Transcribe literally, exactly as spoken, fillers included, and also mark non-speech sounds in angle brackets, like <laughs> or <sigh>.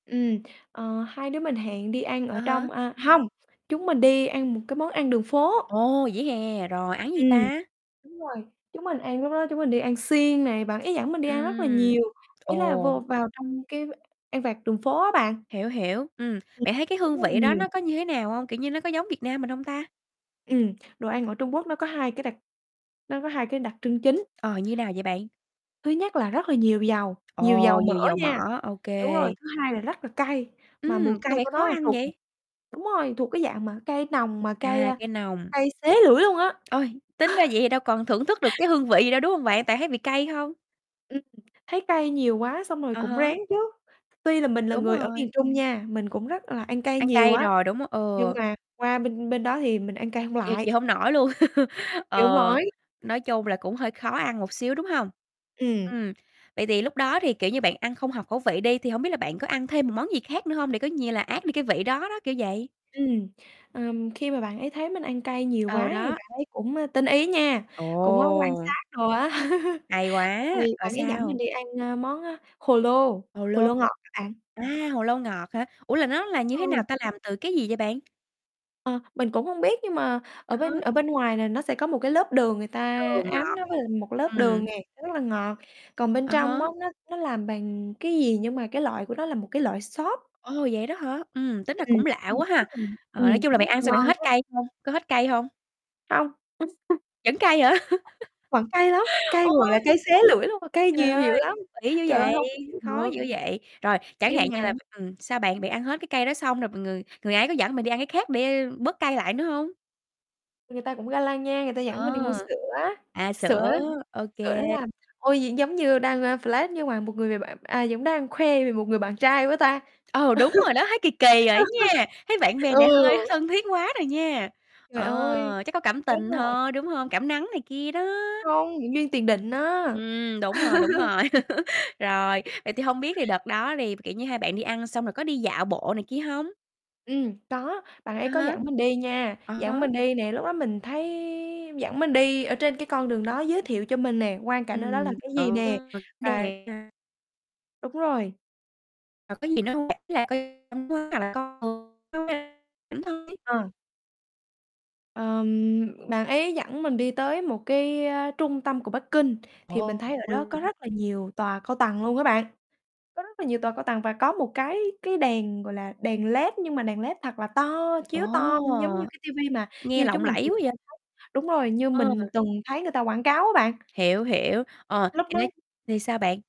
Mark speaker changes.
Speaker 1: Ừm, ờ, hai đứa mình hẹn đi ăn
Speaker 2: À
Speaker 1: ở
Speaker 2: há.
Speaker 1: trong à, hông, chúng mình đi ăn một cái món ăn đường phố.
Speaker 2: Ồ, vỉa hè? Rồi ăn gì
Speaker 1: Ừm,
Speaker 2: ta?
Speaker 1: đúng rồi. Chúng mình ăn lúc đó chúng mình đi ăn xiên nè. Bạn ấy dẫn mình đi ăn rất là
Speaker 2: Ừm,
Speaker 1: nhiều, ý là
Speaker 2: ồ.
Speaker 1: vô vào trong cái ăn vặt đường phố á bạn.
Speaker 2: Hiểu, hiểu. Ừm,
Speaker 1: Ừm,
Speaker 2: bạn thấy cái
Speaker 1: thấy
Speaker 2: hương
Speaker 1: rất là
Speaker 2: vị đó
Speaker 1: nhiều.
Speaker 2: nó có như thế nào hông? Kiểu như nó có giống Việt Nam mình hông ta?
Speaker 1: Ừm, đồ ăn ở Trung Quốc nó có hai cái đặc nó có hai cái đặc trưng chính.
Speaker 2: Ờ, như nào vậy bạn?
Speaker 1: Thứ nhất là rất là nhiều dầu, nhiều
Speaker 2: Ồ,
Speaker 1: dầu
Speaker 2: nhiều
Speaker 1: mỡ
Speaker 2: dầu
Speaker 1: nha.
Speaker 2: mỡ. OK.
Speaker 1: Đúng rồi, thứ hai là rất là cay. Mà mùi
Speaker 2: Ừm, có
Speaker 1: cay
Speaker 2: vẻ
Speaker 1: của
Speaker 2: khó
Speaker 1: nó là
Speaker 2: ăn
Speaker 1: thuộc một
Speaker 2: vậy?
Speaker 1: đúng rồi, thuộc cái dạng mà cay nồng, mà cay,
Speaker 2: À,
Speaker 1: a,
Speaker 2: cay nồng.
Speaker 1: cay xé lưỡi luôn á.
Speaker 2: Ôi, tính ra vậy
Speaker 1: <chuckles>
Speaker 2: thì đâu còn thưởng thức được cái hương vị gì đâu, đúng hông bạn? Tại thấy vị cay không?
Speaker 1: Ừm, thấy cay nhiều quá xong rồi
Speaker 2: À
Speaker 1: cũng
Speaker 2: há.
Speaker 1: rén chứ. Tuy là mình là
Speaker 2: Đúng
Speaker 1: người ở miền
Speaker 2: rồi.
Speaker 1: Trung nha, mình cũng rất là hay ăn cay
Speaker 2: Ăn
Speaker 1: nhiều
Speaker 2: cay
Speaker 1: á,
Speaker 2: rồi, đúng
Speaker 1: nhưng
Speaker 2: ừ.
Speaker 1: mà qua bên bên đó thì mình ăn cay hông
Speaker 2: Chịu
Speaker 1: lại.
Speaker 2: chịu hông nổi luôn. <laughs>
Speaker 1: Chịu hông
Speaker 2: Ờ,
Speaker 1: nổi.
Speaker 2: nói chung là cũng hơi khó ăn một xíu, đúng hông?
Speaker 1: Ừm.
Speaker 2: Ừm, vậy thì lúc đó thì, kiểu như, bạn ăn không hợp khẩu vị đi, thì hông biết là bạn có ăn thêm một món gì khác nữa hông để coi như là át đi cái vị đó đó, kiểu vậy?
Speaker 1: Ừm. Ờm, khi mà bạn ấy thấy mình ăn cay nhiều quá
Speaker 2: Ừ,
Speaker 1: thì
Speaker 2: đó.
Speaker 1: bạn ấy cũng, ơ, tinh ý nha, cũng có quan
Speaker 2: Ồ!
Speaker 1: sát đồ á. <chuckles>
Speaker 2: Hay quá,
Speaker 1: Xong rồi
Speaker 2: rồi
Speaker 1: bạn ấy dẫn mình
Speaker 2: sao?
Speaker 1: đi ăn, ơ, món, ơ, hồ lô,
Speaker 2: Hồ
Speaker 1: hồ
Speaker 2: lô,
Speaker 1: lô ngọt á bạn.
Speaker 2: a, hồ lô ngọt hả? Ủa, là nó là
Speaker 1: Đúng
Speaker 2: như thế
Speaker 1: rồi.
Speaker 2: nào ta, làm từ cái gì vậy bạn?
Speaker 1: Ờ, mình cũng hông biết nhưng mà ở
Speaker 2: À
Speaker 1: bên ở
Speaker 2: há.
Speaker 1: bên ngoài này nó sẽ có một cái lớp đường, người ta
Speaker 2: Đường
Speaker 1: áo
Speaker 2: ngọt,
Speaker 1: nó với lại một cái lớp đường
Speaker 2: ừm.
Speaker 1: nè, nó rất là ngọt. Còn bên
Speaker 2: À
Speaker 1: trong
Speaker 2: há.
Speaker 1: á, nó nó làm bằng cái gì nhưng mà cái loại của nó là một cái loại xốp.
Speaker 2: Ồ, vậy đó hả? Ừm, tính ra
Speaker 1: Ừm,
Speaker 2: cũng lạ
Speaker 1: ăn
Speaker 2: quá
Speaker 1: rất
Speaker 2: ha.
Speaker 1: là
Speaker 2: Ờ, nói
Speaker 1: ừm,
Speaker 2: chung là
Speaker 1: rất
Speaker 2: bạn
Speaker 1: là
Speaker 2: ăn xong bạn có
Speaker 1: ngon
Speaker 2: hết
Speaker 1: á.
Speaker 2: cay hông? Có hết cay hông?
Speaker 1: Hông. <chuckles>
Speaker 2: Vẫn cay hả?
Speaker 1: Vẫn cay lắm,
Speaker 2: <laughs>
Speaker 1: cay gọi là
Speaker 2: Ôi.
Speaker 1: cay xé lưỡi luôn. Cay
Speaker 2: Trời
Speaker 1: nhiều dữ
Speaker 2: ơi,
Speaker 1: lắm,
Speaker 2: kĩ dữ
Speaker 1: trời ơi,
Speaker 2: vậy,
Speaker 1: hông có chịu
Speaker 2: khó
Speaker 1: được.
Speaker 2: dữ vậy. Rồi, chẳng hạn
Speaker 1: Nhưng
Speaker 2: như
Speaker 1: mà
Speaker 2: là ừm, sao bạn? Bạn ăn hết cái cay đó xong, rồi người người ấy có dẫn bạn đi ăn cái khác để bớt cay lại nữa hông?
Speaker 1: Người ta cũng ga lăng nha, người ta dẫn
Speaker 2: Ờ,
Speaker 1: mình đi mua sữa,
Speaker 2: à,
Speaker 1: sữa
Speaker 2: sữa, ô
Speaker 1: sữa nó
Speaker 2: kê.
Speaker 1: làm ôi, vậy giống như đang, ơ, flex nhưng mà một người b bạn à, giống đang khoe về một người bạn trai quá ta.
Speaker 2: Ừ, đúng rồi đó, thấy kì kì rồi đó nha. Thấy bạn
Speaker 1: <laughs>
Speaker 2: bè
Speaker 1: Ừ.
Speaker 2: này hơi thân thiết quá rồi nha.
Speaker 1: Trời ơi,
Speaker 2: Ờ, chắc có cảm
Speaker 1: chết
Speaker 2: tình
Speaker 1: rồi.
Speaker 2: thôi, đúng hông? Cảm nắng này kia đó.
Speaker 1: Hông, duyên tiền định á.
Speaker 2: Ừm, đúng rồi, đúng
Speaker 1: <laughs>
Speaker 2: rồi. <laughs> Rồi, vậy thì hông biết thì đợt đó đi, kiểu như, hai bạn đi ăn xong rồi có đi dạo bộ này kia hông?
Speaker 1: Ừm, có, bạn ấy
Speaker 2: À
Speaker 1: có
Speaker 2: há.
Speaker 1: dẫn mình đi nha,
Speaker 2: À
Speaker 1: dẫn
Speaker 2: há.
Speaker 1: mình đi nè. Lúc đó mình thấy dẫn mình đi ở trên cái con đường đó, giới thiệu cho mình nè, quang cảnh ở đó là
Speaker 2: Ừm,
Speaker 1: cái gì nè. Và
Speaker 2: <unintelligible>
Speaker 1: Đúng rồi.
Speaker 2: Và có gì nữa hông bạn? Ý là <unintelligible>
Speaker 1: Ờ. Ờm, bạn ấy dẫn mình đi tới một cái, ơ, trung tâm của Bắc Kinh. Thì
Speaker 2: Ồ.
Speaker 1: mình thấy ở đó có
Speaker 2: <unintelligible>
Speaker 1: rất là nhiều tòa cao tầng luôn các bạn, có rất là nhiều tòa cao tầng, và có một cái cái đèn, gọi là, đèn LED, nhưng mà đèn LED thật là to,
Speaker 2: Ồ!
Speaker 1: chiếu to giống như cái ti vi mà
Speaker 2: Nghe
Speaker 1: như
Speaker 2: lộng
Speaker 1: chúng mình
Speaker 2: lẫy
Speaker 1: thường
Speaker 2: quá vậy.
Speaker 1: hay thấy đúng rồi, như
Speaker 2: Ờ.
Speaker 1: mình từng thấy người ta quảng cáo á bạn.
Speaker 2: Hiểu, hiểu, ờ,
Speaker 1: Lúc
Speaker 2: <unintelligible>
Speaker 1: đó
Speaker 2: thì sao bạn?